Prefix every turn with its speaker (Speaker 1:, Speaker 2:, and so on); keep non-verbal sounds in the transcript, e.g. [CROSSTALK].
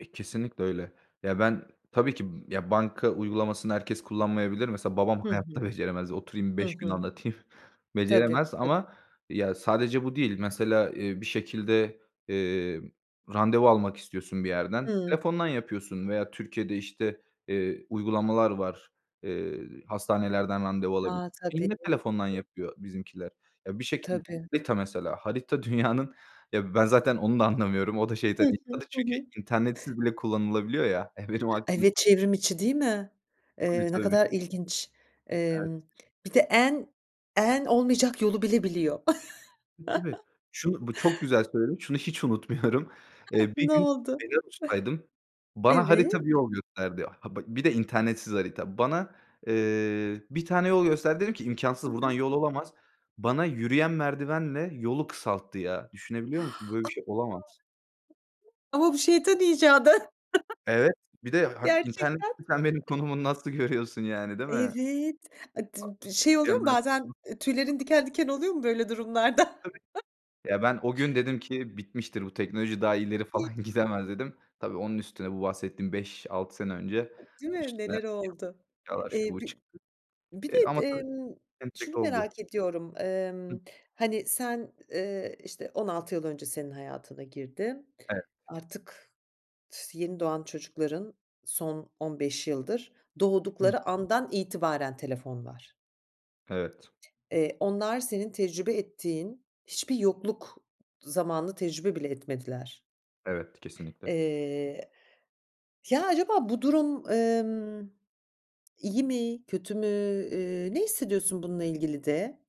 Speaker 1: E, kesinlikle öyle. Ya, ben tabii ki, ya, banka uygulamasını herkes kullanmayabilir. Mesela babam
Speaker 2: Hı
Speaker 1: hayatta
Speaker 2: hı.
Speaker 1: beceremez. Oturayım
Speaker 2: Hı
Speaker 1: 5 gün
Speaker 2: hı.
Speaker 1: anlatayım,
Speaker 2: Tabii,
Speaker 1: beceremez
Speaker 2: tabii.
Speaker 1: ama ya, sadece bu değil. Mesela, eee, bir şekilde, eee, randevu almak istiyorsun bir yerden.
Speaker 2: Hımm.
Speaker 1: Telefondan yapıyorsun veya Türkiye'de işte, eee, uygulamalar var. Eee, hastanelerden randevu alabiliyorsun.
Speaker 2: A, tabii
Speaker 1: Yine, telefondan
Speaker 2: [UNINTELLIGIBLE]
Speaker 1: yapıyor bizimkiler. Ya, bir şekilde
Speaker 2: Tabii.
Speaker 1: Harita mesela. Harita dünyanın ya, ben zaten onu da anlamıyorum, o da
Speaker 2: Hı
Speaker 1: şeytan
Speaker 2: hı.
Speaker 1: icadı.
Speaker 2: Hı
Speaker 1: Çünkü
Speaker 2: hı.
Speaker 1: internetsiz bile kullanılabiliyor ya, e, benim aklım
Speaker 2: Evet, çevrimiçi değil mi?
Speaker 1: Tabii,
Speaker 2: Eee, ne
Speaker 1: tabii. Bi
Speaker 2: kadar ilginç.
Speaker 1: Evet.
Speaker 2: Emm, bir de en en olmayacak yolu bile biliyor.
Speaker 1: E, tabii.
Speaker 2: [CHUCKLES]
Speaker 1: Şunu, bu çok güzel söyledin. Şunu hiç unutmuyorum.
Speaker 2: Heh,
Speaker 1: Eee, bir
Speaker 2: ne
Speaker 1: gün
Speaker 2: oldu?
Speaker 1: Belarus'taydım.
Speaker 2: [CHUCKLES]
Speaker 1: Bana harita bir
Speaker 2: Evet.
Speaker 1: yol gösterdi. Ha, bak, bir de internetsiz harita. Bana, eee, bir tane yol gösterdi. Dedim ki
Speaker 2: Hı
Speaker 1: imkânsız. Buradan
Speaker 2: hı.
Speaker 1: yol olamaz. Bana yürüyen merdivenle yolu kısalttı ya. Düşünebiliyor musun? Böyle bir şey olamaz.
Speaker 2: [INHALES] [UNINTELLIGIBLE] Ama bu şeytan icadı. [CHUCKLES]
Speaker 1: Evet. Bir de ha,
Speaker 2: Gerçekten.
Speaker 1: internetsiz sen benim
Speaker 2: [CHUCKLES]
Speaker 1: konumumu nasıl görüyorsun yani değil mi?
Speaker 2: Evet, a, d b şey oluyor mu bazen, e, tüylerin
Speaker 1: [UNINTELLIGIBLE]
Speaker 2: diken diken oluyor mu böyle durumlarda?
Speaker 1: Tabii. Ya, ben o gün dedim ki; bitmiştir bu teknoloji daha ileri
Speaker 2: [UNINTELLIGIBLE]
Speaker 1: falan gidemez dedim. Tabii, onun üstüne bu bahsettiğim 5-6 sene önce,
Speaker 2: E, değil mi,
Speaker 1: üstüne
Speaker 2: neler
Speaker 1: yapay
Speaker 2: oldu?
Speaker 1: zekâlar, şu,
Speaker 2: Eee,
Speaker 1: bu
Speaker 2: bir
Speaker 1: çıktı.
Speaker 2: bir de
Speaker 1: Eee ama tabii,
Speaker 2: emm,
Speaker 1: [UNINTELLIGIBLE]
Speaker 2: şunu
Speaker 1: oldu.
Speaker 2: merak ediyorum.
Speaker 1: Hı.
Speaker 2: Emm, hani, sen, eee, işte 16 yıl önce senin hayatına girdi.
Speaker 1: Evet.
Speaker 2: Artık, [UNINTELLIGIBLE] yeni doğan çocukların son 15 yıldır,
Speaker 1: Hıı.
Speaker 2: doğdukları andan itibaren telefon var.
Speaker 1: Evet.
Speaker 2: Eee, onlar senin tecrübe ettiğin, hiçbir yokluk zamanını tecrübe bile etmediler.
Speaker 1: Evet, kesinlikle.
Speaker 2: Eee, ya, acaba bu durum, emm, iyi mi, kötü mü, eee, ne hissediyorsun bununla ilgili de?